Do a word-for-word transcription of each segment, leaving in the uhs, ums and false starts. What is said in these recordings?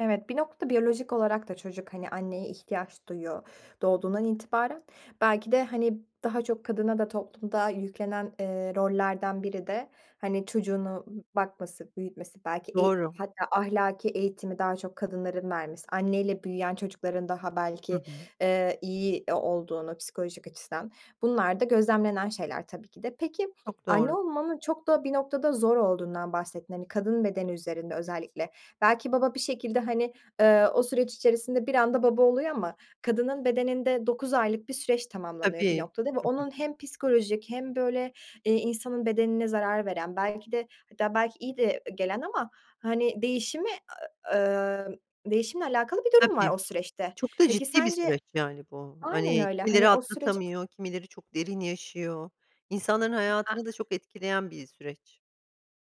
Evet bir noktada biyolojik olarak da çocuk hani anneye ihtiyaç duyuyor, doğduğundan itibaren. Belki de hani daha çok kadına da toplumda yüklenen, eee, rollerden biri de hani çocuğunu bakması, büyütmesi belki eğ Doğru. hatta ahlaki eğitimi daha çok kadınların vermesi, anneyle büyüyen çocukların daha Hı belki, hı. eee, iyi o olduğunu psikolojik açıdan bunlar da gözlemlenen şeyler tabii ki de. Peki Çok anne doğru. olmanın çok da bir noktada zor olduğundan bahsettin hani kadın bedeni üzerinde özellikle. Belki baba bir şekilde hani, ııı, o süreç içerisinde bir anda baba oluyor ama kadının bedeninde dokuz aylık bir süreç tamamlanıyor bir Tabii. noktada ve Hı onun hı. hem psikolojik hem böyle, eee, insanın bedenine zarar veren belki de hatta belki iyi de gelen ama hani değişimi, ı ımm, değişimle alakalı bir durum var Tabii. o süreçte. Çok da Peki ciddi bir sence süreç yani bu. Aynen Hani öyle, kimileri hani o süreci atlatamıyor, kimileri çok derin yaşıyor. İnsanların A hayatını da çok etkileyen bir süreç.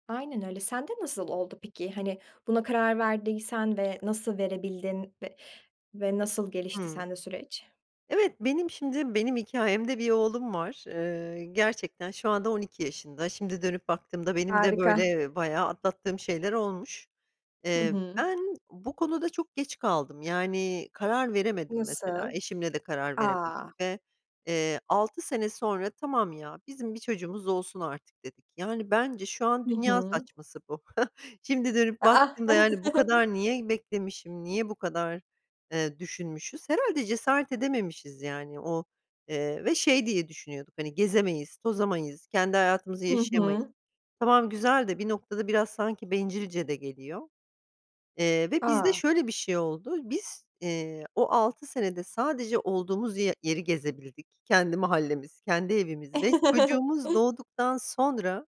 Aynen öyle. Sen de nasıl oldu peki? Hani buna karar verdiysen ve nasıl verebildin ve ve nasıl gelişti Hımm. sende süreç? Evet benim şimdi benim hikâyemde bir oğlum var. Iıı, gerçekten şu anda on iki. Şimdi dönüp baktığımda benim de Harika. böyle bayağı atlattığım şeyler olmuş. Hı Eee, hı. ben bu konuda çok geç kaldım. Yani karar veremedim mesela Nasıl? eşimle de karar A! veremedik ve, eee, altı sene sonra tamam ya bizim bir çocuğumuz olsun artık dedik. Yani bence şu an Hı dünya hı. saçması bu. Şimdi dönüp A, a! baktığımda yani bu kadar niye beklemişim, niye bu kadar, eee, düşünmüşüz. Herhâlde cesaret edememişiz yani. O, eee, ve şey diye düşünüyorduk hani gezemeyiz tozamayız kendi hayatımızı Hı yaşayamayız. hı. Tamam güzel de bir noktada biraz sanki bencilce de geliyor. Eee, ve bizde A! şöyle bir şey oldu. Biz, eee, o altı senede sadece olduğumuz ye yeri gezebildik kendi mahallemiz, kendi evimiz. Ve çocuğumuz doğduktan sonra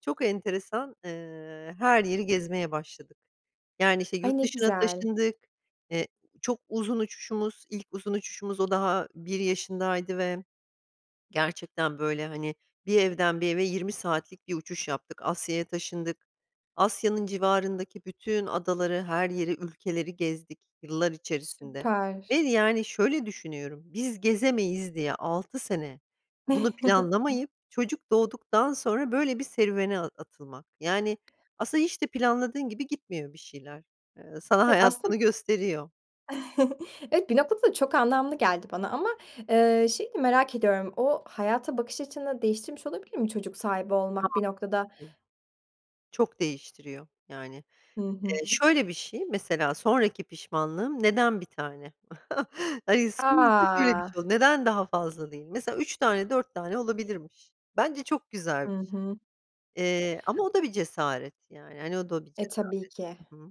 çok enteresan, ııı, her yeri gezmeye başladık. Yani işte Ay, yurt ne dışına güzel. taşındık, eee, çok uzun uçuşumuz, ilk uzun uçuşumuz o daha bir yaşındaydı ve gerçekten böyle hani bir evden bir eve yirmi saatlik bir uçuş yaptık Asya'ya taşındık. Asya'nın civarındaki bütün adaları her yeri ülkeleri gezdik yıllar içerisinde. Ve Süper. yani şöyle düşünüyorum biz gezemeyiz diye altı sene bunu planlamayıp çocuk doğduktan sonra böyle bir serüvene a atılmak. Yani aslında hiç de planladığın gibi gitmiyor bir şeyler. Eee, sana Evet hayat aslında bunu gösteriyor. Evet bir noktada da çok anlamlı geldi bana. Ama, eee, şeyi de merak ediyorum. O hayata bakış açını değiştirmiş olabilir mi çocuk sahibi olmak bir noktada? [unintelligible] Çok değiştiriyor yani. Hı hı. Eee, şöyle bir şey mesela sonraki pişmanlığım neden bir tane? Hayır sonuçta şöyle bir A! şey oldu, neden daha fazla değil? Mesela üç tane dört tane olabilirmiş. Bence çok güzel Hı bir şey, hı. eee, ama o da bir cesaret yani, hani o da bir E, tabii ki. cesaret. Hı hı.